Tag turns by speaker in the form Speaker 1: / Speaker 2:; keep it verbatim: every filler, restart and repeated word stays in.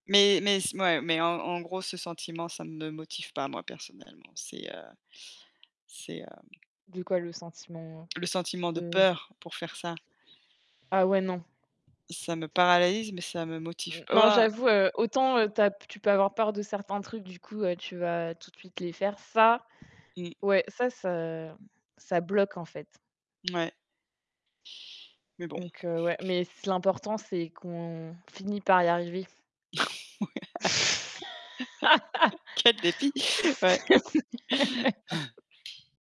Speaker 1: Mais mais c mouais, mais en en gros ce sentiment, ça me motive pas moi personnellement, c'est, heu, c'est, heu
Speaker 2: De quoi le sentiment?
Speaker 1: le sentiment de
Speaker 2: De
Speaker 1: peur pour faire ça.
Speaker 2: Ah ouais non.
Speaker 1: Ça me paralalyze, mais ça me motive
Speaker 2: N
Speaker 1: p
Speaker 2: non,
Speaker 1: waouh!
Speaker 2: j'avoue, heu, autant, heu, tu as p tu peux avoir peur de certains trucs, du coup, heu, tu vas tout de suite les faire. Ça,
Speaker 1: Mmh.
Speaker 2: ouais, ça, ça ça bloque, en fait.
Speaker 1: Mouais. Mais bon.
Speaker 2: Donc, heu, ouais, mais c l'important, c'est qu'on finit par y arriver.
Speaker 1: Ouais. Quel défi, ouais.